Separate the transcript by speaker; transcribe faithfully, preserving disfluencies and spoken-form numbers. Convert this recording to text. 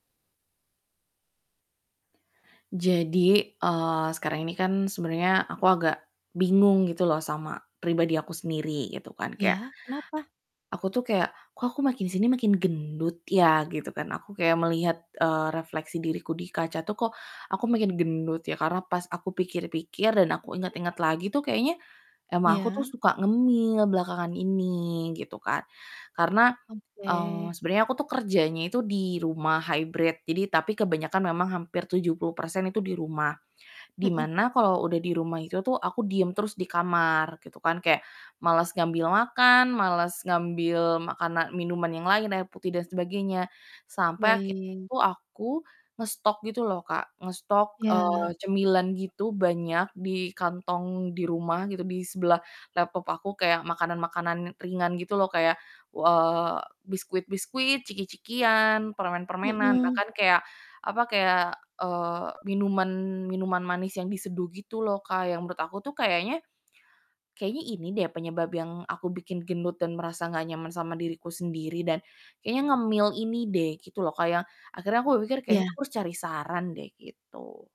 Speaker 1: Jadi, eee, sekarang ini kan sebenernya aku agak bingung gitu loh sama pribadi aku sendiri gitu kan, kayak
Speaker 2: Ya, kenapa?
Speaker 1: aku tuh kayak, "Kok aku makin sini makin gendut ya?" Gitu kan. Aku kayak melihat, eee, refleksi diriku di kaca tuh kok aku makin gendut ya, karena pas aku pikir-pikir, dan aku inget-inget lagi tuh kayaknya emang aku tuh
Speaker 2: Ya.
Speaker 1: suka ngemil belakangan ini gitu kan. Karena, eee,
Speaker 2: Oke.
Speaker 1: sebenarnya aku tuh kerjanya itu di rumah hybrid, jadi tapi kebanyakan memang hampir tujuh puluh persen itu di rumah, di
Speaker 2: Mhm.
Speaker 1: mana kalau udah di rumah itu tuh aku diem terus di kamar, gitu kan, kayak males ngambil makan, males ngambil makana minuman yang lain, air putih dan sebagainya sampai akhirnya
Speaker 2: Baik.
Speaker 1: tuh aku ngestok gitu loh Kak, ngestok,
Speaker 2: Iya.
Speaker 1: eee, cemilan gitu banyak di kantong di rumah gitu, di sebelah laptop aku, kayak makanan-makanan ringan gitu loh kayak, w eee, biskuit-biskuit, ciki-cikian, permen-permenan,
Speaker 2: Mhm.
Speaker 1: bahkan kayak apa, kayak, eee, minuman minuman manis yang diseduh gitu loh Kak, yang menurut aku tuh kayaknya kayaknya ini deh penyebab yang aku bikin gendut dan merasa gak nyaman sama diriku sendiri, dan kayaknya ngemil ini deh gitu loh Kak, yang akhirnya aku berpikir kayaknya
Speaker 2: Ya.
Speaker 1: aku harus cari saran deh, gitu.